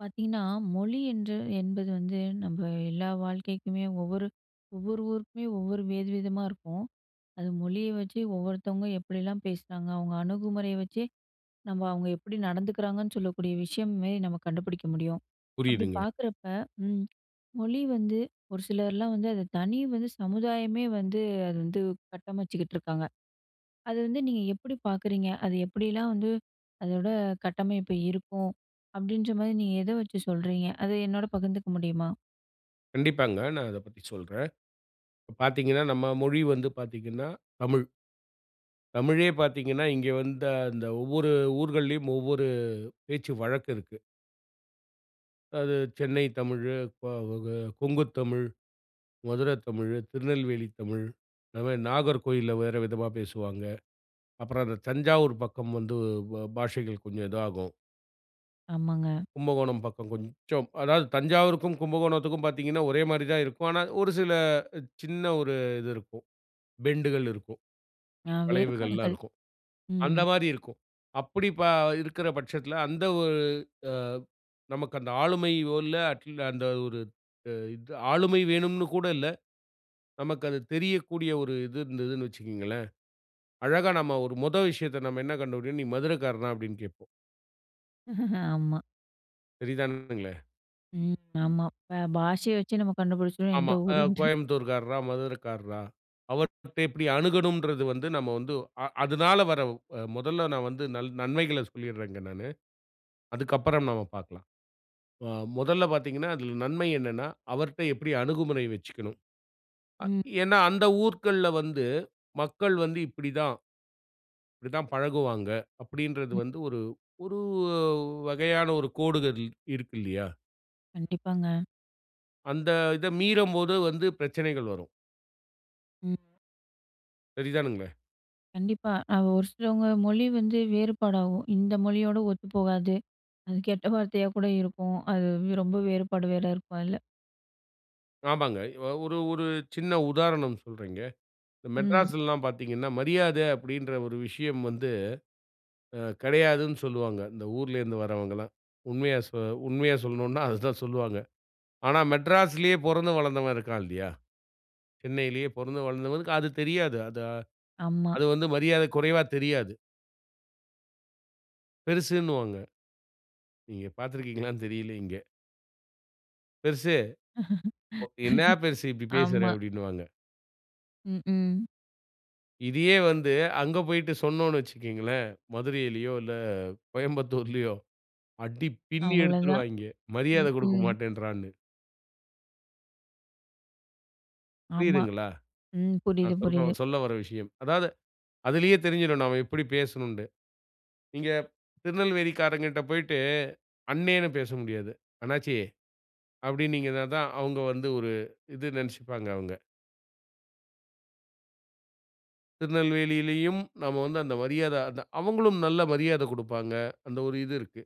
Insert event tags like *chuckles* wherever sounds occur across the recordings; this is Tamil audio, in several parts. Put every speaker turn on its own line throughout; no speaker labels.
பார்த்தீங்கன்னா, மொழி என்று என்பது வந்து நம்ம எல்லா வாழ்க்கைக்குமே ஒவ்வொரு ஒவ்வொரு ஊருக்குமே ஒவ்வொரு வேறு விதமா இருக்கும். அது மொழிய வச்சு ஒவ்வொருத்தவங்க எப்படிலாம் பேசுனாங்க. அவங்க அணுகுமுறைய வச்சே நம்ம அவங்க எப்படி நடந்துக்கிறாங்கன்னு சொல்லக்கூடிய விஷயமே நம்ம கண்டுபிடிக்க முடியும். அப்படி
புரியுதுங்க.
பார்க்குறப்ப ம். மொழி வந்து, ஒரு சிலர்லாம் வந்து, அத தனி வந்து சமுதாயமே வந்து அது வந்து கட்டமச்சிட்டுருக்காங்க! அது வந்து நீங்க எப்படி பார்க்குறீங்க. அது எப்படிலாம் வந்து அதோட கட்டமைப்பு இருக்கும். அப்படீன்ற மாதிரி நீங்க எத வச்சு சொல்றீங்க. அதை என்னோடு பகிர்ந்துக்க முடியுமா?
கண்டிப்பாங்க, நான் அத பத்தி சொல்றேன். இப்ப பார்த்தீங்கன்னா, நம்ம மொழி வந்து பார்த்தீங்கன்னா தமிழ். தமிழே பார்த்தீங்கன்னா, இங்கே வந்த அந்த ஒவ்வொரு ஊர்கள்லயும், ஒவ்வொரு பேச்சு வழக்கு இருக்கு. அது, சென்னை தமிழு, க வ கொங்கு தமிழ், மதுரை தமிழு, திருநெல்வேலி தமிழ், இந்த மாரி நாகர்கோயில்ல, வேற விதமா பேசுவாங்க. அப்புறம் அந்த தஞ்சாவூர், பக்கம் வந்து ப பாஷைகள் கொஞ்சம் இதாகும்.
ஆமாங்க.
கும்பகோணம் பக்கம் கொஞ்சம் அதாவது தஞ்சாவூருக்கும், கும்பகோணத்துக்கும் பார்த்தீங்கன்னா ஒரே மாரிதான் இருக்கும். ஆனா, ஒரு சில சின்ன ஒரு இது இருக்கும். பெண்டுகள் இருக்கும்.
அ,
வளைவுகள்லாம்
வேறுபாடுகள்.
இருக்கும்.
ம்.
அந்த மாரி இருக்கும். அப்படி ப இருக்கிற பட்சத்தில, அந்த ஒரு அ நமக்கு அந்த ஆளுமையோ இல்ல அட்ல அந்த ஒரு இது ஆளுமை வேணும்னு கூட இல்ல. நமக்கு அது தெரியக்கூடிய ஒரு இது இருந்ததுன்னு வச்சுகங்களேன், அழகா நம்ம ஒரு முத விஷயத்த நம்ம என்ன கண்டுபிடிபோம், "நீ மதுரைக்காரனா?" அப்படின்னு கேப்போம்.
*snorts* ஆமா.
சரிதானுங்களே?
ம், ஆமா இப்ப பாஷைய வச்சு நம்ம கண்டுபிடிச்சுரலாம் எந்த
ஆமா. அ,
ஊருண்ட் டு.
கோயம்புத்தூர்காரரா, மதுரைக்காரரா. அவர்கிட்ட எப்டி அணுகனும்ன்றது வந்து, நம்ம வந்து அ அதுனால வர்ற மொதல்ல நான் வந்து நன் நன்மைகள சொல்லிட்றேன்ங்க நானு. அதுக்கப்புறம் நம்ம பாக்கலாம். அ மொதல்ல பார்த்தீங்கனா, அதில நன்மை! என்னன்னா? அவர்ட்ட எப்டி அணுகுமுறை வச்சிக்கணும்? அ
ம்.
ஏன்னா? அந்த ஊர்க்கள்ல வந்து, மக்கள் வந்து இப்டிதான். இப்டிதான் பழகுவாங்க! அப்டின்றது வந்து,
ம்.
ஒரு ஒரு வகையான ஒரு கோடுகள் இருக்கு இல்லையா?
கண்டிப்பாங்க.
அந்த இத மீறம்போது வந்து பிரச்சனைகள் வரும்.
ம்.
சரிதானுங்களே?
கண்டிப்பா! அங்க ஒரு சிலவங்க மொழி வந்து வேறுபாடாகும். இந்த மொழியோட ஒத்துப்போகாது. அது கெட்டவார்த்தையா கூட இருக்கும். அது ரொம்ப வேறுபாடு வேற இருக்கும் அதுல.
ஆமாங்க. ஒரு ஒரு சின்ன உதாரணம் சொல்றேங்க. இந்த
ம்.
மெட்ராஸ்லலாம்! பாத்ததீங்கன்னா "மரியாத" அப்டின்ற ஒரு விஷயம் வந்து அ கெடையாதுன்னு சொல்லுவாங்க. இந்த ஊரிலேருந்து வர்றவங்கலாம் உண்மையா சொ உண்மையா சொல்லணுனா அததான் சொல்லுவாங்க. ஆனா, மெட்ராஸ்லேயே பொறந்து வளர்ந்தவன் இருக்கான். இல்லையா? சென்னையிலேயே பொறந்து வளர்ந்தவனுக்கு அது தெரியாது. அது,
ஆமா.
அது வந்து மரியாத கொறைவா தெரியாது. பெருசுன்னுவாங்க. நீங்க பாத்திருக்கீங்களான்னு தெரில இங்க. "பெருசு, என்னா பெருசு
*laughs*
இப்படி பேசுறா"
ஆமா.
அப்படின்னுவாங்க.
ம் ம்ஹ்.
இதையே வந்து அங்க போயிட்டு சொன்னோனு வச்சிக்கேங்களேன். மதுரையிலியோ, இல்ல கோயம்புத்தூர்லியோ அடி பின்னி
அவ்வளதான்.
எடுத்துருவாய்ங்க.
ம்
மரியாத
ம்ஹ்.
கொடுக்கமாட்டேன்றான்னு.
ஆமா,
புரியுதுங்களா?
ம். புரிது,
நான் சொல்ற
புரிது.
சொல்லவர்ற விஷயம். அதாவது அதிலேயே தெரிஞ்சிடும். நாம எப்படி பேசனுண்டு. நீங்க திருநெல்வேலிக்காரங்கிட்ட போய்ட்டு, அண்ணேனு பேச முடியாது. "அண்ணாச்சி" அப்படியின்னிங்கனாதா அவங்க வந்து ஒரு, இது நினைச்சுப்பாங்க அவங்க. திருநெல்வேலியிலும் நம்ம வந்து அந்த மரியாத அத அவங்களும் நல்ல மரியாத குடுப்பாங்க. அந்த ஒரு இது இருக்கு.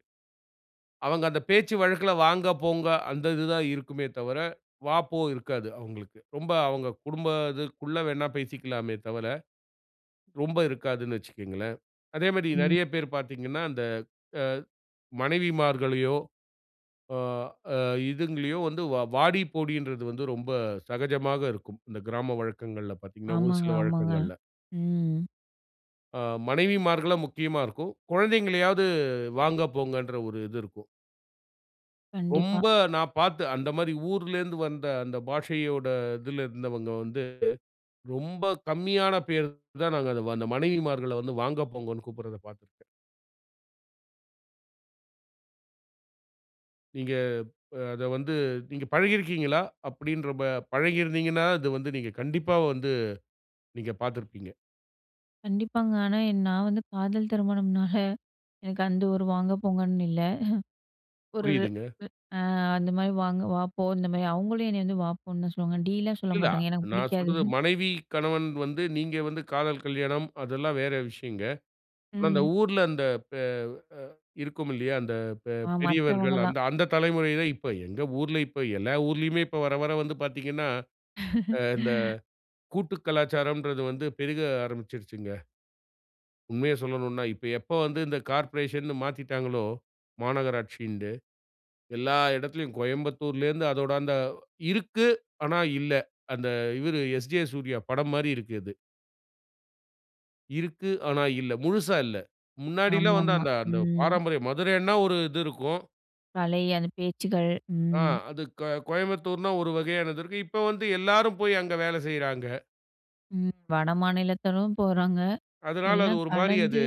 அவங்க அந்த பேச்சு வழக்குல, "வாங்க, போங்க" அந்த இது தான் இருக்குமே தவிர, "வா, போ" இருக்காது. அவங்களுக்கு ரொம்ப அவங்க குடும்பத இதுக்குள்ள வேண்ணா பேசிக்கலாமே தவிர. ரொம்ப இருக்காதுனு வச்சுக்கங்களேன். அதே மாரி
ம்.
நிறைய பேர் பார்த்தீர்ங்கன்னா அந்த அ மனைவிமார்களையோ, அ அ இதுங்களயோ வந்து வ வாடி போடின்றது வந்து ரொம்ப சகஜமாக இருக்கும். இந்த கிராம வழக்கங்கள்ல பார்த்தீங்கன்னா, ஒரு
ஆமாங்க,
சில
ஆமாங்க.
வழக்கங்கள்ல.
ம்.
ஆ, மனைவிமார்கள முக்கியமா இருக்கும். குழந்தைகளையாவது வாங்க போங்கன்ற ஒரு இது இருக்கும்.
கண்டிப்பா.
ரொம்ப, நான் பார்த்து அந்த மாரி ஊர்லேருந்து வந்த அந்த பாஷையோட இதில இருந்தவங்க வந்து ரொம்ப கம்மியான பேர் தான். நாங்க அந்த மனைவிமார்கள வந்து வாங்க போங்கன்னு கூப்பிடறத பாத்திருக்கேன். நீங்க அத வந்து நீங்க பழகி இருக்கிங்களா? அப்படின்றப்ப பழகியிருந்தீங்கன்னா, அது வந்து நீங்க கண்டிப்பா வந்து நீங்க பார்த்திருப்பீங்க.
கண்டிப்பாங்க. ஆனா நான் வந்து காதல் திருமணம்னால, *chuckles* எனக்கு அந்த ஒரு வாங்க போங்கன்னு இல்ல. *chuckles* ஒரு
புரியுதுங்க.
அ அந்த மாதிரி வாங்க "வா போ" இந்த மாதிரி அவங்களும் என்ன வந்து, "வா, போன்னு" தான் சொல்லுவாங்க. டீ லாம் சொல்ல
இல்லா,
மாட்டாங்க எனக்கு
நான்
புடிக்காது.
சொல்றது
*chuckles*
மனைவி, கணவன் வந்து நீங்க வந்து காதல் கல்யாணம், அதெல்லாம் வேறு விஷயங்க. ஆனா அந்த
ம்.
ஊர்ல அந்த பே அ இருக்கும் இல்லையா, அந்த பெ
அ,
பெரியவர்கள்
மத்தவங்கள்லாம்.
அந்த அந்த தலைமுறைகள் இப்ப எங்கள் ஊர்ல இப்ப எல்லா ஊர்லயுமே இப்ப வர வர வந்து பார்த்தீங்கன்னா, இந்த
*laughs*
கூட்டு கலாச்சாரம்ன்றது வந்து பெருக ஆரம்பிச்சுடுச்சுங்க. உண்மைய சொல்லணும்னா இப்ப எப்ப வந்து இந்த கார்ப்பரேஷன்னு மாத்திட்டாங்களோ? மாநகராட்சின்ட்டு எல்லா இடத்திலும் கோயம்புத்தூரிலிருந்து அதோடு அந்த "இருக்கு ஆனா இல்ல." அந்த இவரு எஸ்.ஜே. சூர்யா படம் மாதிரி இருக்கு இது. இருக்கு ஆனா இல்ல. முழுசா இல்ல.
ஆமா,
முன்னாடிலாம் வந்து
ஆமா.
அந்த அந்த
ம்.
பாரம்பரிய மதுரைன்னா ஒரு இது இருக்கும்.
பழைய அந்த பேச்சுகள்
ஆ
ம்.
அது க கோயம்புத்தூர்னா ஒரு வகையானது இருக்கு. இப்ப வந்து எல்லாரும் போய் அங்க வேலை செய்யறாங்க.
ம், வடமாநிலத்திலும் போறாங்க,
அதனால அது
எல்லாம்
ஒரு மாரி அது,
கலந்து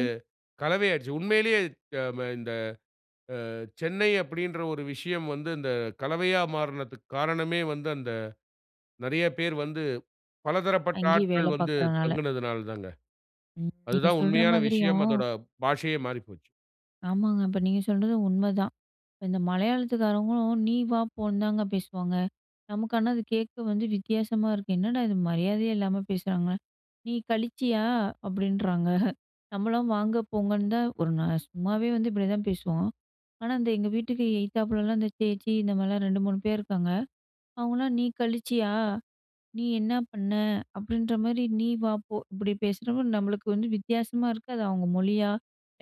கலவை ஆயிடுச்சி. உண்மையிலேயே அது க மே இந்த அ சென்னை அப்படின்ற ஒரு விஷயம் வந்து, இந்த கலவையா மாறுனதுக்கு காரணமே வந்து, அந்த நெறைய பேர் வந்து பலதரப்பட்ட
அங்கேயே
ஆட்கள்
வேலை
வந்து
பார்க்குறனால.
தங்குனதனால் தாங்க.
ம், நீங்க
அதுதான்
சொல்ற
உண்மையான விஷயம்.
மாதிரியும்
அதோட பாஷையே மாறி போச்சு.
ஆமாங்க அப்ப நீங்க சொல்றது உண்மைதான். இப்ப இந்த மலையாளத்துக்காரவங்களும் "நீ வா போன்னு" தாங்க பேசுவாங்க. நமக்கு ஆனா அது கேட்க வந்து வித்தியாசமா இருக்கு. "என்னடா இது மரியாதையே இல்லாம பேசுறாங்க! நீ கழிச்சியா?" அப்படின்றாங்க. *chuckles* நம்மலாம் வாங்க போங்கன்னு தான் ஒரு நாள் சும்மாவே வந்து இப்படிதான் பேசுவோம். ஆனா அந்த எங்க வீட்டுக்கு எயித்தாப்லலாம் அந்த சேச்சி இந்தமாரிலாம் 2, 3 பேர் இருக்காங்க. அவங்களாம் "நீ கழிச்சியா? நீ என்ன பண்ண?" அப்படின்ற மாரி "நீ, வா, போ" இப்படி பேசுறப்போ நம்மளுக்கு வந்து வித்தியாசமா இருக்கு. அது அவங்க மொழியா?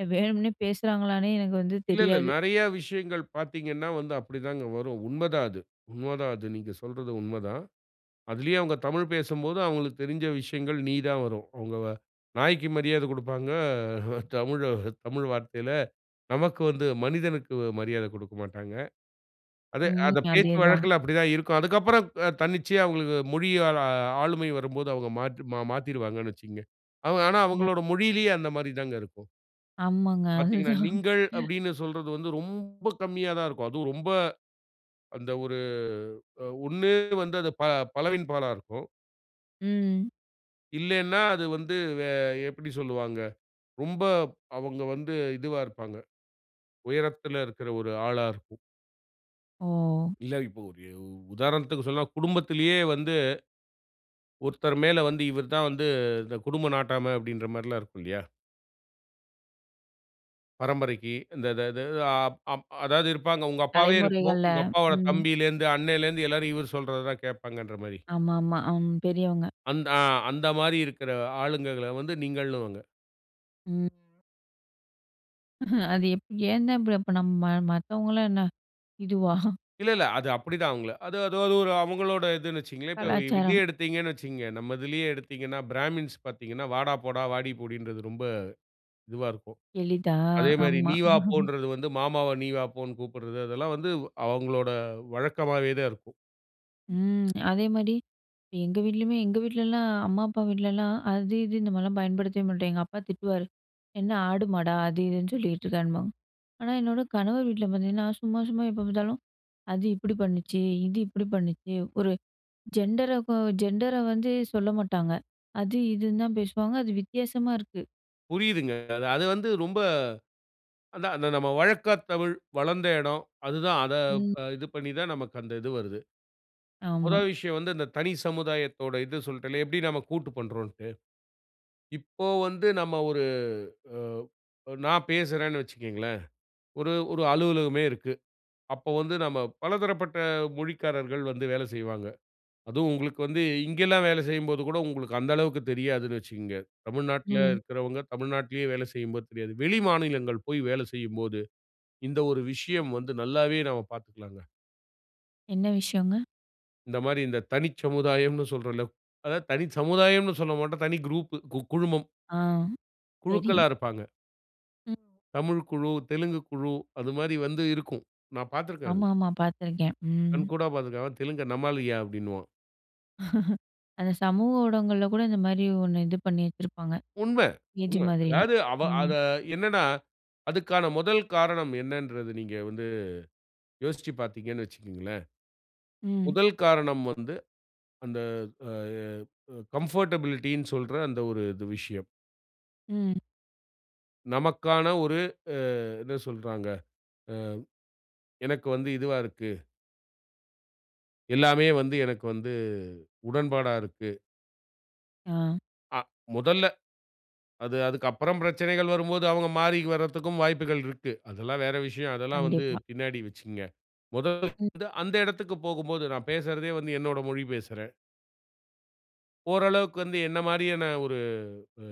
எ வேணும்ன்னே பேசுகிறாங்களானே எனக்கு வந்து
இல்ல இல்ல.
தெரியாது.
நிறைய விஷயங்கள் பார்த்தீங்கன்னா, வந்து அப்படி தாங்க வரும். உண்மைதான் அது உண்மை தான் அது. நீங்க சொல்றது உண்மை தான். அதிலயே அவங்க தமிழ் பேசும்போது அவங்களுக்கு தெரிஞ்ச விஷயங்கள் "நீ" தான் வரும். அவங்கவ நாய்க்கு மரியாதை குடுப்பாங்க. *chuckles* தமிழ தமிழ் வார்த்தையில நமக்கு வந்து, மனிதனுக்கு மரியாதை குடுக்கமாட்டாங்க. அது
ம்.
அத பேச்சு
அதேதான்.
வழக்கில அப்படித்தான் இருக்கும். அதுக்கப்புறம் க தன்னிச்சையா அவங்களுக்கு மொழியால ஆளுமை வரும்போது அவங்க மாற்றி ம மாத்திருவாங்கணு வைச்சுக்கங்க. அவங்க ஆனா அவங்களுடைய
ஓ!
மொழியிலயே அந்த மாரி தாங்க இருக்கும்.
ஆமாங்க,
பார்த்தீங்கன்னா,
அதுதான்.
"நீங்கள்" அப்படின்னு சொல்றது வந்து, ரொம்ப கம்மியா தான் இருக்கும். அதுவும் ரொம்ப அந்த ஒரு அ ஒண்ணு வந்து, அது ப பலவின் பாலா இருக்கும்.
ம்.
இல்லனா அது வந்து வே எப்படி சொல்லுவாங்க? ரொம்ப அவங்க வந்து இதுவா இருப்பாங்க. உயரத்தில இருக்குற ஒரு ஆளா இருக்கும்.
ஓ.
இல்ல இப்ப ஒரு உதாரணத்திக்கு சொன்னா குடும்பத்திலேயே வந்து, ஒருத்தர் மேல வந்து "இவர் தான் வந்து இந்த குடும்பம் நாட்டாம" அப்படின்ற மாரிலா இருக்கும் இல்லையா? பரம்பரைக்கு. இந்த இத த அ அப் அதாவது இருப்பாங்க. உங்க அப்பாவே இருக்கும்.
தலைமுறைகள்ல,
உங்க அப்பாவோட
ம்.
தம்பியிலேந்து, அண்ணலேந்து எல்லாரும் இவர் சொல்றததான் கேட்பாங்கன்ற மாதிரி.
ஆமா, ஆமா. அம். பெரியவங்க.
அந்த ஆ அந்த மாரி இருக்குற ஆளுங்கள்கள வந்து நீங்கள்னுவாங்க.
ம். அது எப் ஏன்தான் இப்ப அப்ப நம்ம மத்தவங்கலா என்ன இதுவா?
இல்ல, இல்ல. அது அப்படித்தான் அவங்கள. அது அது ஒரு அவங்களோட இதுன்னு வச்சிக்கங்களேன். இப்ப இதே
கலாச்சாரம்.
எடுத்தீங்கனு வச்சிக்கங்க, நம்ம இதுலேயே எடுத்தீங்கனா பிராமின்ஸ் பார்த்தீங்கன்னா "வாடா போடா, வாடி போடி" ன்றது ரொம்ப இதுவா இருக்கும்.
எளிதா,
அதே
அ
மாதிரி
ஆமா.
"நீ வா போ"
*chuckles*
ன்றது வந்து, மாமாவ நீ வா போனு கூப்பிடுறது. அதெல்லாம் வந்து அவங்களோட வழக்கமாகவேதான் இருக்கும்.
ம் *smacks lips* அதேமாரி எங்க வீட்லயுமே எங்க வீட்லலாம். அம்மா, அப்பா வீட்லலாம். அது இது இந்த மாதிரிலாம் பயன்படுத்தவே மாட்டாங்க. அப்பா திட்டுவாரு "என்ன ஆடு மாடா அது இதுன்னு சொல்லிகிட்டுருக்கன்பாங்க." ஆனா, என்னோட கணவர் வீட்ல பார்த்தீங்கன்னா, சும்மா சும்மா எப்ப பார்த்தாலும் "அது இப்படி பண்ணுச்சு. இது இப்படி பண்ணுச்சு." ஒரு ஜெண்டரகு ஜெண்டர வந்து சொல்ல மாட்டாங்க. அது இதுன்னு தான் பேசுவாங்க. அது வித்தியாசமா இருக்கு.
புரியுதுங்க. அது அது வந்து ரொம்ப அதான் அந்த நம்ம வழக்கத் தமிழ், வளந்த இடம் அதுதான். அத
ம்.
அ இது பண்ணி தான் நமக்கு அந்த இது வருது. மொத
ஆமா.
விஷயம் வந்து, இந்த தனி சமுதாயத்தோட இது சொல்ட்டேன்ல, எப்படி நாம கூட்டு பண்றோம்ன்ட்டு. இப்போ வந்து நம்ம ஒரு அ நான் பேசுறேன்னு வச்சுக்கங்களேன். ஒரு ஒரு அலுவலகமே இருக்கு. அப்போ வந்து நம்ம பலதரப்பட்ட மொழிக்காரர்கள் வந்து வேலை செய்வாங்க. அதுவும் உங்களுக்கு வந்து இங்கலாம் வேலை செய்யும்போது கூட உங்களுக்கு அந்த அளவுக்கு தெரியாதுன்னு வச்சுக்கங்க. தமிழ்நாட்ல
ம்.
இருக்கிறவங்க, தமிழ்நாட்லயே வேல செய்யும்போது தெரியாது. வெளி மாநிலங்கள் போயி வேலை செய்யும்போது இந்த ஒரு விஷயம் வந்து நல்லாவே நம்ம பாத்துக்கலாங்க.
என்ன விஷயங்க?
இந்த மாரி இந்த தனிச் சமுதாயம்ன்னு சொல்றோம்ல. அதாவது தனி சமுதாயம்னு சொல்லமாட்டோம். தனி குரூப்பு கு குழுமம்.
ஆ! சரி.
குழுக்களா இருப்பாங்க.
ம்.
தமிழ் குழு, தெலுங்கு குழு அது மாரி வந்து இருக்கும். நான் பாத்துருக்கேன் அது.
ஆமாமா! பார்த்துருக்கேன். ம்.
கண்கூடா பாத்துருக்கேன். "அவன் தெலுங்கன் நம்மாளுயா" அப்டின்னுவான்.
*laughs* அந்த சமூக ஊடகங்கள்ல கூட இந்த மாரி ஒண்ணு இது பண்ணி வச்சிருப்பாங்க.
உண்ம,
ஏஜி
உண்ம!
மாதிரிலாம்.
அதாவது அவ
ம்.
அத என்னன்னா? அதுக்கான முதல் காரணம் என்னன்றத, நீங்க வந்து யோசிச்சி பாத்தீங்கனு வச்சிக்கங்களேன்,
ம்.
முதல் காரணம் வந்து அந்த அ எ அ கம்ஃபர்ட்டபிலிட்டினு சொல்ற அந்த ஒரு இது விஷயம்.
ம்.
நமக்கான ஒரு அ என்ன சொல்றாங்க அ எனக்கு வந்து இதுவா இருக்கு. எல்லாமே வந்து எனக்கு வந்து, உடன்பாடா இருக்கு.
ஆ.
அ முதல்ல. அது அதுக்கப்புறம் பிரச்சனைகள் வரும்போது அவுங்க மாறி வரதுக்கும் வாய்ப்புகள் இருக்கு. அதெல்லாம் வேற விஷயம். அதெல்லாம் வந்து
கண்டிப்பா.
பின்னாடி வச்சுக்கங்க. முதல் *unintelligible*
ம்.
வந்து அந்த இடத்துக்கு போகும்போது, நான் பேசுறதே வந்து என்னோட மொழி பேசுறேன். ஓரளவுக்கு வந்து என்ன மாரியான ஒரு அ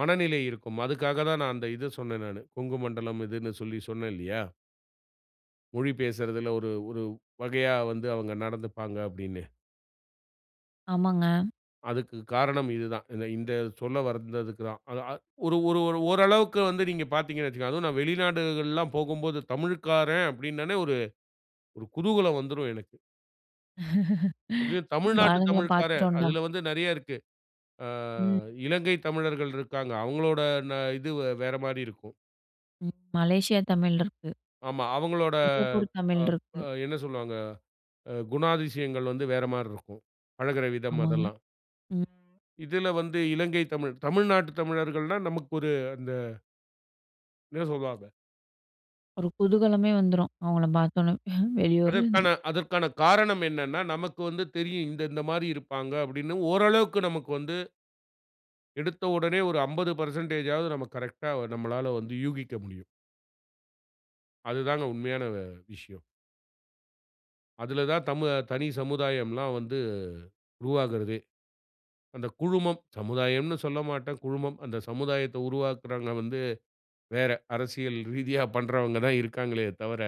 மனநிலை இருக்கும். அதுக்காக தான் நான் அந்த இது சொன்னேன் நானு. கொங்கு மண்டலம் இதுன்னு சொல்லி சொன்னேன் இல்லியா? மொழி பேசுறதுல ஒரு ஒரு வகையா வந்து அவங்க நடந்துப்பாங்க அப்படீன்னு.
ஆமாங்க.
அதுக்கு காரணம் இது தான். இந்த இந்த சொல்லவந்ததுக்கு தான். அத அ ஒரு ஒரு ஒரு ஓரளவுக்கு வந்து நீங்க பார்த்தீங்கணு வைச்சுக்கங்களேன், அதுவும் நான் வெளிநாடுகள்ல்லாம் போகும்போது தமிழ்க்காரன் அப்படின்னாலே ஒரு குதூகலம் வந்துரும் எனக்கு!
*laughs*
அதுவே
நம்ப
தமிழ்நாட்டு
ஆளுங்கள
தமிழ்க்காரன்,
பார்த்துட்டோம்டா!
அதில வந்து நிறையா இருக்கு. அ
ம்.
இலங்கை தமிழர்கள் இருக்காங்க. அவங்களோட ந இது வேற மாரி இருக்கும்.
ம். மலேசியா தமிழ் இருக்கு.
ஆமா. அவங்களோட
சிங்கப்பூர் தமிழ்
அப்
இருக்கு.
அ என்ன சொல்வாங்க, அ குணாதிசயங்கள் வந்து வேற மாரி இருக்கும். பழகுற விதம்
ஆமாங்க,
அதெல்லாம்.
ம்.
இதுல வந்து இலங்கை தமிழ், தமிழ்நாட்டு தமிழர்கள்னா நமக்கு ஒரு அந்த, என்ன சொல்வாங்க?
ஒரு குதூகலமே வந்துரும். அவுங்கள பார்த்தோடனே *chuckles* வெளியூர்லேருந்து.
அதற்கான அதற்கான காரணம் என்னனென்னா? நமக்கு வந்து தெரியும் இந்த இந்த மாரி இருப்பாங்க, அப்படின்னு ஓரளவுக்கு நமக்கு வந்து. எடுத்த உடனே ஒரு 50% நம்ம கரெக்ட்‌டா நம்மளால வந்து யூகிக்க முடியும். அதுதாங்க உண்மையான வ விஷயம். அதுல தான் தமுவ தனி சமுதாயம்லாம் வந்து உருவாகுறதே. அந்த "குழுமம்" சமுதாயம்ன்னு சொல்லமாட்டேன். குழுமம் அந்த சமுதாயத்தை உருவாக்குறவங்க வந்து வேற. அரசியல் ரீதியா பண்ணுறவங்க தான் இருக்காங்களே தவிர.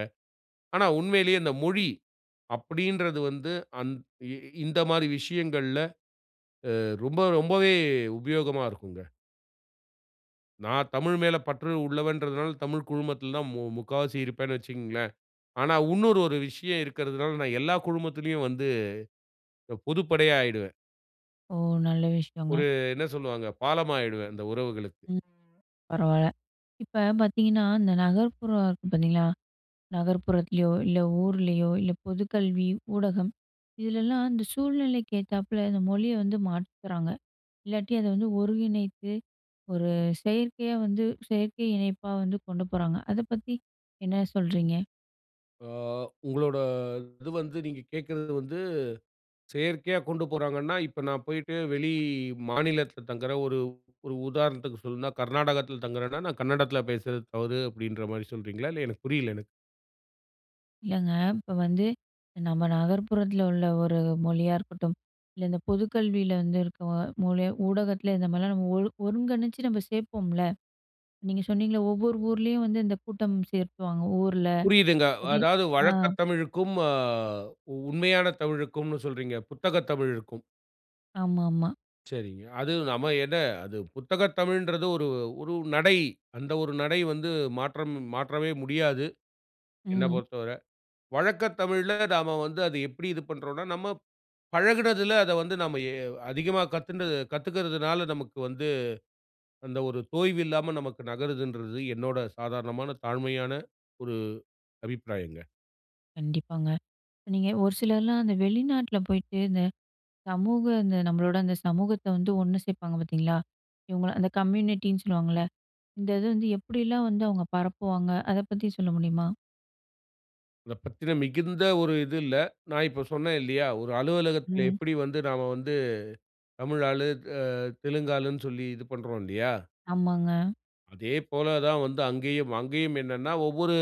ஆனா உண்மையிலேயே இந்த மொழி அப்படின்றது வந்து அந் இ இந்த மாதிரி விஷயங்கள்ல, அ ரொம்ப ரொம்பவே உபயோகமா இருக்குங்க. நான் தமிழ் மேல பற்று உள்ளவன்றதனால, தமிழ் குழுமத்துல தான் மு முக்காவாசி இருப்பேன்னு வச்சுகங்களேன். ஆனா இன்னொரு ஒரு விஷயம் இருக்கிறதனால, நான் எல்லா குழுமத்திலேயும் வந்து அ பொதுப்படையா ஆயிடுவேன்.
ஓ! நல்ல விஷயங்க.
ஒரு என்ன சொல்லுவாங்க? பாலம் ஆயிடுவேன், அந்த உறவுகளுக்கு.
ம். பரவால்ல, இப்ப பார்த்தீங்கன்னா இந்த நகர்ப்புற இருக்கு பார்த்தீங்களா, நகர்ப்புறத்திலயோ, இல்ல ஊர்லயோ, இல்ல பொது கல்வி ஊடகம். இதுல எல்லாம் அந்த சூழ்நிலைக்கு ஏத்தாப்பில, இந்த மொழிய வந்து மாத்திகிறாங்க. இல்லாட்டி அத வந்து ஒருங்கிணைத்து ஒரு செயற்கையா வந்து செயற்கை இணைப்பா வந்து கொண்டு போறாங்க. அத பத்தி என்ன சொல்றீங்க?
அ, உங்களோட இது வந்து நீங்க கேட்கிறது வந்து செயற்கையா கொண்டு போறாங்கன்னா, இப்ப நான் போயிட்டு வெளி மாநிலத்தில தங்குற ஒரு ஒரு உதாரணத்துக்கு சொல்லணும்னா, கர்நாடகத்துல தங்குறன்னா, நான் கன்னடத்துல பேசறது தவறு அப்படின்ற மாதிரி சொல்கிறீங்களா? இல்ல எனக்கு புரியல எனக்கு.
இல்லங்க, இப்ப வந்து நம்ம நகர்ப்புறத்தில உள்ள ஒரு மொழியா இருக்கட்டும். இல்ல இந்த பொது கல்வியில வந்து இருக்கிற மொழி ஊடகத்துல இந்த மாதிரிலாம் நம்ம ஒரு ஒருங்கணிச்சு நம்ம சேர்ப்போம்ல. நீங்க சொன்னிங்கள்ல "ஒவ்வொரு ஊர்லயும் வந்து இந்த கூட்டம் சேர்த்துவாங்க ஊர்ல."
புரியுதுங்க. அதாவது
அ.
வழக்க தமிழுக்கும், அ உண்மையான தமிழுக்கும்னு சொல்றீங்க, புத்தகத் தமிழுக்கும்.
ஆமாமா.
சரிங்க. அது நம்ம என்ன அது புத்தகத் தமிழ்ன்றது ஒரு ஒரு நடை. அந்த ஒரு நடை வந்து மாற்றம் மாற்றவே முடியாது என்ன
ம்.
பொறுத்தவரை. வழக்க தமிழ்ல நாம வந்து அத எப்படி இது பண்ணுறோம்னா, நம்ம பழகுனதில அத வந்து நம்ம எ அதிகமா கத்துண்டது கத்துக்கிறதுனால நமக்கு வந்து அந்த ஒரு தோய்வு இல்லாம நமக்கு நகருதுன்றது, என்னோடய சாதாரணமான தாழ்மையான ஒரு அபிப்பிராயங்க.
கண்டிப்பாங்க. நீங்க ஒரு சிலர்லாம் அந்த வெளிநாட்டில போய்ட்டு, இந்த சமூக இந்த நம்மளோட அந்த சமூகத்த வந்து ஒண்ணு சேப்பாங்க பாத்தீங்களா, இவங்கள அந்த கம்யூனிட்டின்னு சொல்லுவாங்கல்ல. இந்த இது வந்து எப்படிலாம் வந்து அவங்க பரப்புவாங்க? அத பத்தி சொல்ல முடியுமா?
அத பத்தின மிகுந்த ஒரு இது இல்ல. நான் இப்ப சொன்னேன் இல்லையா, ஒரு அலுவலகத்தில
ம்.
எப்படி வந்து நாம வந்து தமிழ் ஆளு அ தெலுங்கு ஆளுன்னு சொல்லி இது பண்ணுறோம் இல்லையா?
ஆமாங்க.
அதேபோல தான் வந்து அங்கேயும். அங்கேயும் என்னன்னா ஒவ்வொரு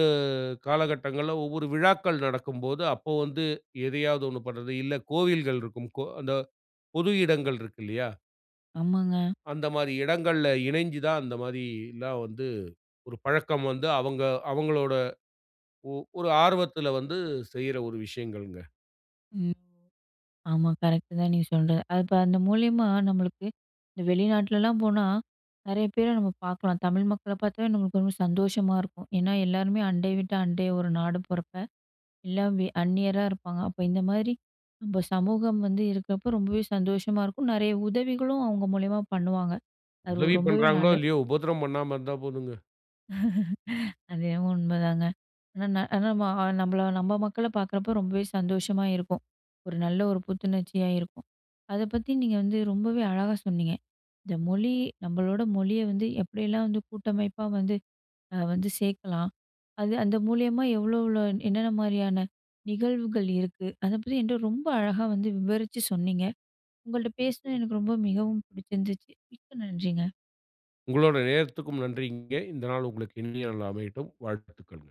காலகட்டங்கள்ல ஒவ்வொரு விழாக்கள் நடக்கும்போது, அப்போ வந்து எதையாவது ஒன்னு பண்றது இல்ல, கோவில்கள் இருக்கும் கோ அந்த பொது இடங்கள் இருக்கு இல்லையா?
ஆமாங்க.
அந்த மாரி இடங்கள்ல இணைஞ்சு தான், அந்த மாதி ல்லாம் வந்து ஒரு பழக்கம் வந்து அவங்க அவங்களோட, ஒ ஒரு ஆர்வத்தில வந்து செய்யற ஒரு விஷயங்கள்ங்க.
ம். ஆமா கரெக்ட் தான் நீங்க சொல்றது. அது இப்போ அந்த மூலியமா நம்மளுக்கு இந்த வெளிநாட்டுலலாம் போனா, நிறைய பேர நம்ம பாக்கலாம். தமிழ் மக்கள பாத்தே நம்மளுக்கு ரொம்ப சந்தோஷமா இருக்கும். ஏன்னா எல்லாருமே அண்டை வீட்ட அண்டை ஒரு நாடும் போறப்ப, எல்லாம் வெ அந்நியரா இருப்பாங்க. அப்ப இந்த மாதிரி நம்ப சமூகம் வந்து இருக்கப்ப, ரொம்பவே சந்தோஷமா இருக்கும். நெறைய உதவிகளும் அவுங்க மூலியமா பண்ணுவாங்க. அது
உதவி
ரொம்பவே
பண்றாங்களோ
நல்ல
இல்லையோ! உபத்திரம் பண்ணாம இருந்தா போதும்ங்க.
*laughs* அது உண்மைதாங்க. ஆனா ந அ நம்ம அ நம்பள நம்ம மக்கள பாக்குறப்ப ரொம்பவே சந்தோஷமா இருக்கும். ஒரு நல்ல ஒரு புத்துணர்ச்சியா இருக்கும். அத பத்தி நீங்க வந்து ரொம்பவே அழகா சொன்னீங்க. இந்த மொழி நம்பளோட மொழிய வந்து, எப்படியெல்லாம் வந்து கூட்டமைப்பா வந்து அ வந்து சேக்கலாம். அது அந்த மூலியமா எவ்வளோ எவ்வளோ என்னென்ன மாரியான நிகழ்வுகள் இருக்கு? அத பத்தி என்ட்ட ரொம்ப அழகா வந்து விவரிச்சு சொன்னீங்க. உங்கள்ட்ட பேசினது எனக்கு ரொம்ப மிகவும் பிடிச்சிருந்துச்சு. மிக்க நன்றிங்க.
உங்களோட நேரத்துக்கும் நன்றிங்க. இந்த நாள் உங்களுக்கு இனிய நாளா அமையட்டும். வாழ்த்துக்கள்.